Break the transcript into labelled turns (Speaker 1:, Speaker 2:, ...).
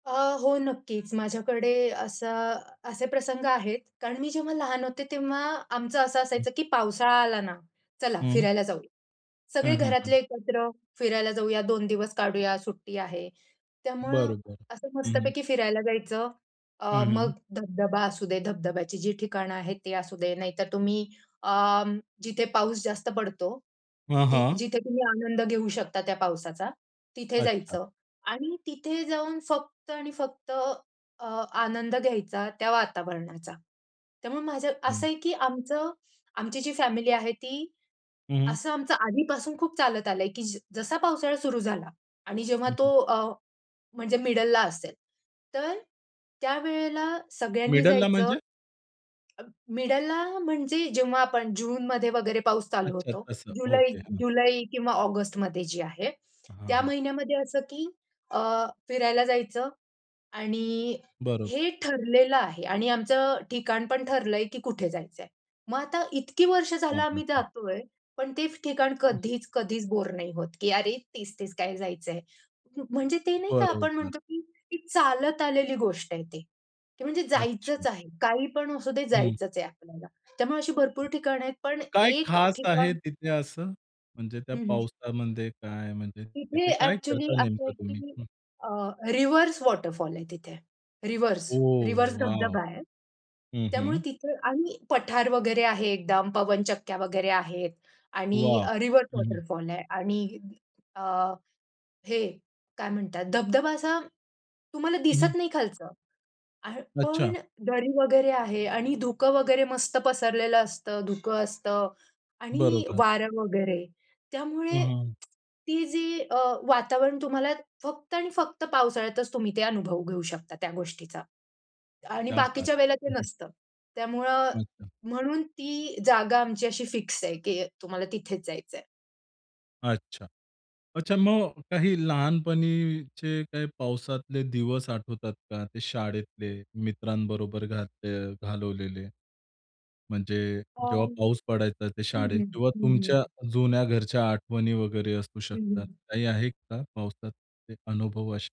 Speaker 1: अ, हो नक्कीच, माझ्याकडे असं असे प्रसंग आहेत. कारण मी जेव्हा लहान होते, तेव्हा आमचं असं असायचं की पावसाळा आला ना, चला
Speaker 2: हं.
Speaker 1: फिरायला जाऊया.
Speaker 2: हं,
Speaker 1: सगळे
Speaker 2: हं, हं.
Speaker 1: घरातले एकत्र फिरायला जाऊया 2 दिवस काढूया सुट्टी आहे. त्यामुळं
Speaker 2: बरोबर.
Speaker 1: असं
Speaker 2: हं, हं.
Speaker 1: मस्तपैकी फिरायला जायचं
Speaker 2: हं,
Speaker 1: अ,
Speaker 2: हं.
Speaker 1: मग धब-धबा असू दे, धबधब्याची जी ठिकाणं आहेत ते असू दे, नाहीतर तुम्ही अ, जिथे पाऊस जास्त पडतो,
Speaker 2: हं,
Speaker 1: ती
Speaker 2: हं.
Speaker 1: जिथे तुम्ही आनंद घेऊ शकता त्या पावसाचा, तिथे
Speaker 2: अच्छा.
Speaker 1: जायचं आणि तिथे जाऊन फक्त आणि फक्त अ, आनंद घ्यायचा त्या वातावरणाचा. त्यामुळे माझं, असं
Speaker 2: हं.
Speaker 1: आहे की आमचं आमची जी फॅमिली आहे ती
Speaker 2: हं, हं.
Speaker 1: असं आमचं आधीपासून खूप चालत आलंय, की ज जसा पावसाळा सुरू झाला आणि जेव्हा
Speaker 2: हं, हं.
Speaker 1: तो अ, म्हणजे मिडलला असेल, तर त्यावेळेला सगळ्यांनी
Speaker 2: मिडलला
Speaker 1: जायचं
Speaker 2: म्हणजे?
Speaker 1: अ, मिडलला म्हणजे जेव्हा आपण जूनमध्ये वगैरे पाऊस चालू
Speaker 2: अच्छा
Speaker 1: होतो.
Speaker 2: तसं,
Speaker 1: जुलै
Speaker 2: ओके, हं.
Speaker 1: जुलै किंवा ऑगस्टमध्ये जे आहे,
Speaker 2: हां,
Speaker 1: त्या
Speaker 2: हां.
Speaker 1: महिन्यामध्ये असं की अ, फिरायला जायचं आणि
Speaker 2: बरोबर.
Speaker 1: हे ठरलेलं आहे आणि आमचं अ, ठिकाण पण ठरलंय की कुठे जायचंय. मग आता इतकी वर्ष झालं आम्ही
Speaker 2: [unintelligible]
Speaker 1: जातोय, पण ते फ ठिकाण
Speaker 2: हं.
Speaker 1: कधीच-कधीच बोर नाही होत की अरे तेच-तेच काय जायचंय. म म्हणजे ते नाही का? आपण
Speaker 2: बरोबर.
Speaker 1: म्हणतो की ती चालत आलेली गोष्ट आहे ती. की म्हणजे
Speaker 2: अच्छा.
Speaker 1: जायचंच आहे. काही पण असु दे,
Speaker 2: हं.
Speaker 1: जायचंच आहे आपल्याला. त्यामुळे अशी भरपूर ठिकाणं आहेत पण
Speaker 2: काय,
Speaker 1: एक
Speaker 2: खास आहे
Speaker 1: ठिकाण
Speaker 2: तिथे असं? म्हणजे त्या
Speaker 1: हं, हं.
Speaker 2: पावसामध्ये काय, म्हणजे
Speaker 1: तिथे
Speaker 2: तिथे काय
Speaker 1: एक्चुअली
Speaker 2: करता
Speaker 1: असं
Speaker 2: नेमकं
Speaker 1: आहे
Speaker 2: तुम्ही?
Speaker 1: की
Speaker 2: हं.
Speaker 1: अ, रिव्हर्स वॉटरफॉल आहे तिथे. रिव्हर्स.
Speaker 2: Oh
Speaker 1: reverse
Speaker 2: wow!
Speaker 1: धबधबा आहे.
Speaker 2: हं,
Speaker 1: त्यामुळे
Speaker 2: हं.
Speaker 1: तिथं आणि पठार वगैरे आहे एकदम, पवन चक्क्या वगैरे आहेत आणि
Speaker 2: वाह!
Speaker 1: अ, रिव्हर्स
Speaker 2: हं, हं.
Speaker 1: वॉटरफॉल आहे आणि अ, हे काय म्हणतात धबधबा असा तुम्हाला
Speaker 2: हं, हं.
Speaker 1: दिसत नाही खालचं. आहे
Speaker 2: अच्छा.
Speaker 1: पण दरी वगैरे आहे आणि धुकं वगैरे मस्त पसरलेलं असतं, धुकं असतं आणि
Speaker 2: बरोबर.
Speaker 1: वारं वगैरे.
Speaker 2: हं,
Speaker 1: त्यामुळे
Speaker 2: हं.
Speaker 1: ती जी अ, वातावरण तुम्हाला फक्त आणि फक्त पावसाळ्यातच तुम्ही ते अनुभव घेऊ शकता त्या गोष्टीचा आणि
Speaker 2: क्या बात
Speaker 1: बाकीच्या
Speaker 2: है!
Speaker 1: वेळेला ते
Speaker 2: हं, हं.
Speaker 1: नसतं. त्यामुळं
Speaker 2: अच्छा.
Speaker 1: म्हणून ती जागा आमची अशी फिक्स आहे की तुम्हाला तिथेच जायचंय.
Speaker 2: अच्छा. अच्छा मग काही लहानपणीचे काही पावसातले दिवस आठवतात का? ते शाळेतले, मित्रांबरोबर घालत घालवलेले? म्हणजे जेव्हा
Speaker 1: अं,
Speaker 2: पाऊस पडायचा ते
Speaker 1: हं,
Speaker 2: शाळेत
Speaker 1: हं,
Speaker 2: किंवा
Speaker 1: हं,
Speaker 2: तुमच्या
Speaker 1: हं.
Speaker 2: जुन्या घरच्या आठवणी वगैरे असू
Speaker 1: हं,
Speaker 2: शकतात.
Speaker 1: हं.
Speaker 2: काही आहेत का, पावसातले अनुभव असे?